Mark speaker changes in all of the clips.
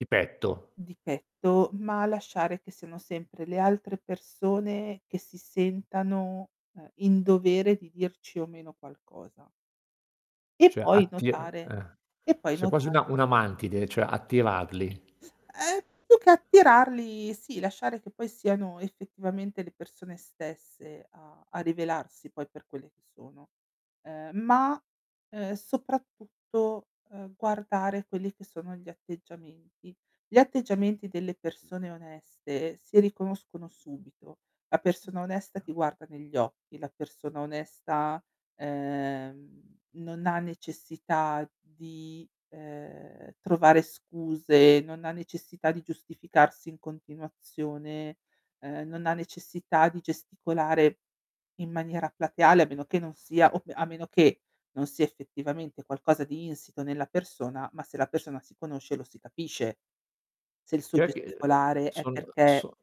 Speaker 1: Di petto.
Speaker 2: Di petto, ma lasciare che siano sempre le altre persone che si sentano, ehm, in dovere di dirci o meno qualcosa. E
Speaker 1: Cioè
Speaker 2: poi
Speaker 1: attir
Speaker 2: notare
Speaker 1: ehm,
Speaker 2: e poi
Speaker 1: sei quasi
Speaker 2: notare
Speaker 1: una una mantide, cioè attirarli.
Speaker 2: Ehm, più che attirarli, sì, lasciare che poi siano effettivamente le persone stesse a a rivelarsi poi per quelle che sono, ehm, ma, ehm, soprattutto, uhm, guardare quelli che sono gli atteggiamenti. Gli atteggiamenti delle persone oneste si riconoscono subito. La persona onesta ti guarda negli occhi, la persona onesta, ehm, non ha necessità di, ehm, trovare scuse, non ha necessità di giustificarsi in continuazione, ehm, non ha necessità di gesticolare in maniera plateale a meno che non sia, op a meno che non sia effettivamente qualcosa di insito nella persona, ma se la persona si conosce lo si capisce se il suo
Speaker 1: Eh i ehm,
Speaker 2: gesticolare è
Speaker 1: sono,
Speaker 2: perché
Speaker 1: so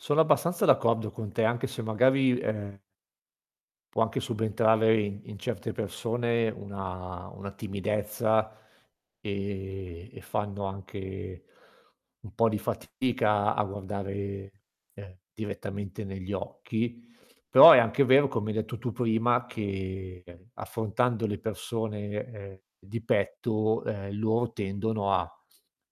Speaker 1: sono abbastanza d'accordo con te, anche se magari, ehm può anche subentrare in in certe persone una una timidezza, ehm, e fanno anche un po' di fatica a guardare, ehm, direttamente negli occhi. Però è anche vero, come hai detto tu prima, che, ehm, affrontando le persone, ehm, di petto, ehm, loro tendono a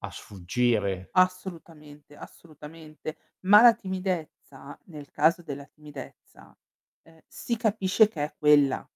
Speaker 1: a sfuggire.
Speaker 2: Assolutamente, assolutamente. Ma la timidezza nel caso della timidezza, ehm, si capisce che è quella.